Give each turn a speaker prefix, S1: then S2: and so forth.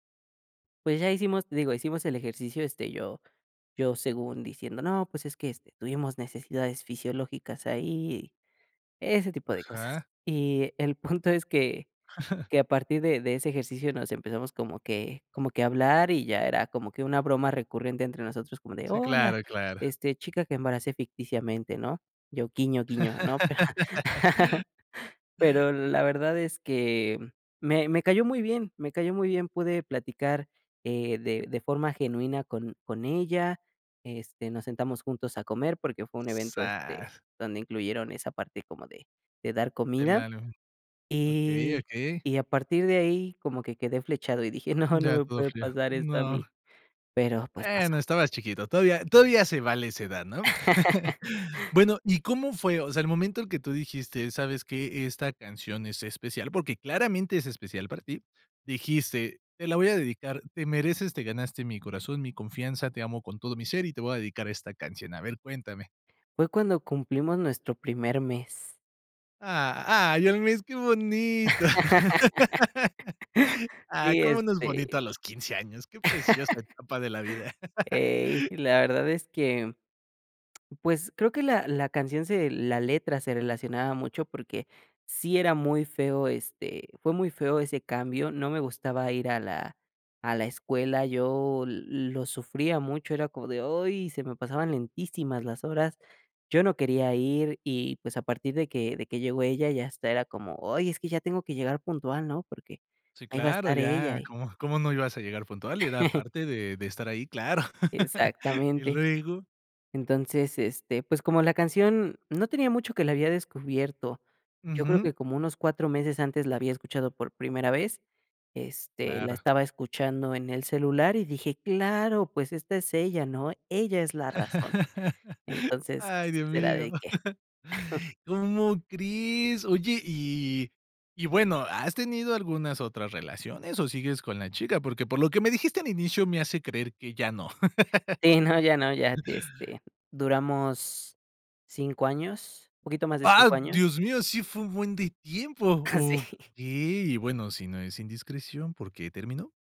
S1: Pues ya hicimos digo, hicimos el ejercicio, este, yo yo según diciendo, no, pues es que, este, tuvimos necesidades fisiológicas ahí y, ese tipo de cosas.
S2: Ajá.
S1: Y el punto es que que a partir de de ese ejercicio nos empezamos como que como que a hablar y ya era como que una broma recurrente entre nosotros, como de,
S2: Sí,
S1: hola,
S2: claro, claro.
S1: este, chica que embaracé ficticiamente, ¿no? Yo, guiño, guiño, ¿no? Pero la verdad es que, mm, me me cayó muy bien, me cayó muy bien. Pude platicar, eh, de de forma genuina con con ella. Este, nos sentamos juntos a comer porque fue un evento, este,
S2: Sa
S1: donde incluyeron esa parte como de de dar
S2: El
S1: comida,
S2: alu Okey,
S1: y
S2: okey.
S1: y a partir de ahí como que quedé flechado y dije: "¡No! No
S2: Ya,
S1: me
S2: todo
S1: puede
S2: frío.
S1: pasar esto a
S2: ¡No!
S1: mí", pero, pues, pasó.
S2: Bueno, estabas chiquito. Todavía todavía se vale a esa edad, ¿no? Bueno, ¿y cómo fue? O sea, el momento que tú dijiste: "¿Sabes qué? Esta canción es especial, porque claramente es especial para ti". Dijiste: "Te la voy a dedicar, te mereces, te ganaste mi corazón, mi confianza, te amo con todo mi ser y te voy a dedicar esta canción". A ver, cuéntame.
S1: Fue cuando cumplimos nuestro primer mes.
S2: ¡Ah! ¡Ay, al mes! ¡Qué bonito! Ah,
S1: Sí,
S2: ¿cómo no es bonito
S1: este
S2: a los 15 años? Qué preciosa etapa de la vida.
S1: Ey y la verdad es que, mm pues creo que la la canción se la letra se relacionaba mucho, porque sí era muy feo, este fue muy feo ese cambio, no me gustaba ir a la a la escuela, yo l lo sufría mucho, era como de, ¡oy! Se me pasaban lentísimas las horas. Yo no quería ir y, pues, a partir de que de que llegó ella, ya hasta era como, ay, es que ya tengo que llegar puntual, ¿no? Porque
S2: Sí,
S1: ahí va a
S2: claro,
S1: estar ella
S2: ya,
S1: y
S2: ¿cómo cómo no ibas a llegar puntual? Era parte de de estar ahí, claro. ¿Y
S1: Exactamente.
S2: luego?
S1: Entonces, este, pues como la canción no tenía mucho que la había descubierto, yo creo
S2: Ujú.
S1: que como unos 4 meses antes la había escuchado por primera vez. Este, la
S2: Claro.
S1: estaba escuchando en el celular y dije: "Claro, pues esta es ella, ¿no? Ella es la razón". Entonces,
S2: ¡Ay, Dios
S1: se la
S2: mío!
S1: dediqué.
S2: ¿Cómo crees? Oye, y y-y bueno, ¿has tenido algunas otras relaciones o sigues con la chica? Porque, por lo que me dijiste al inicio, me hace creer que ya no.
S1: Sí, no, ya no. Ya, este, duramos 5 años, poquito más de
S2: ¡Ah!
S1: 5 años.
S2: ¡Dios mío! ¡Sí fue un buen de tiempo!
S1: Ah, sí.
S2: Okey. Bueno, si no es indiscreción, ¿por qué terminó?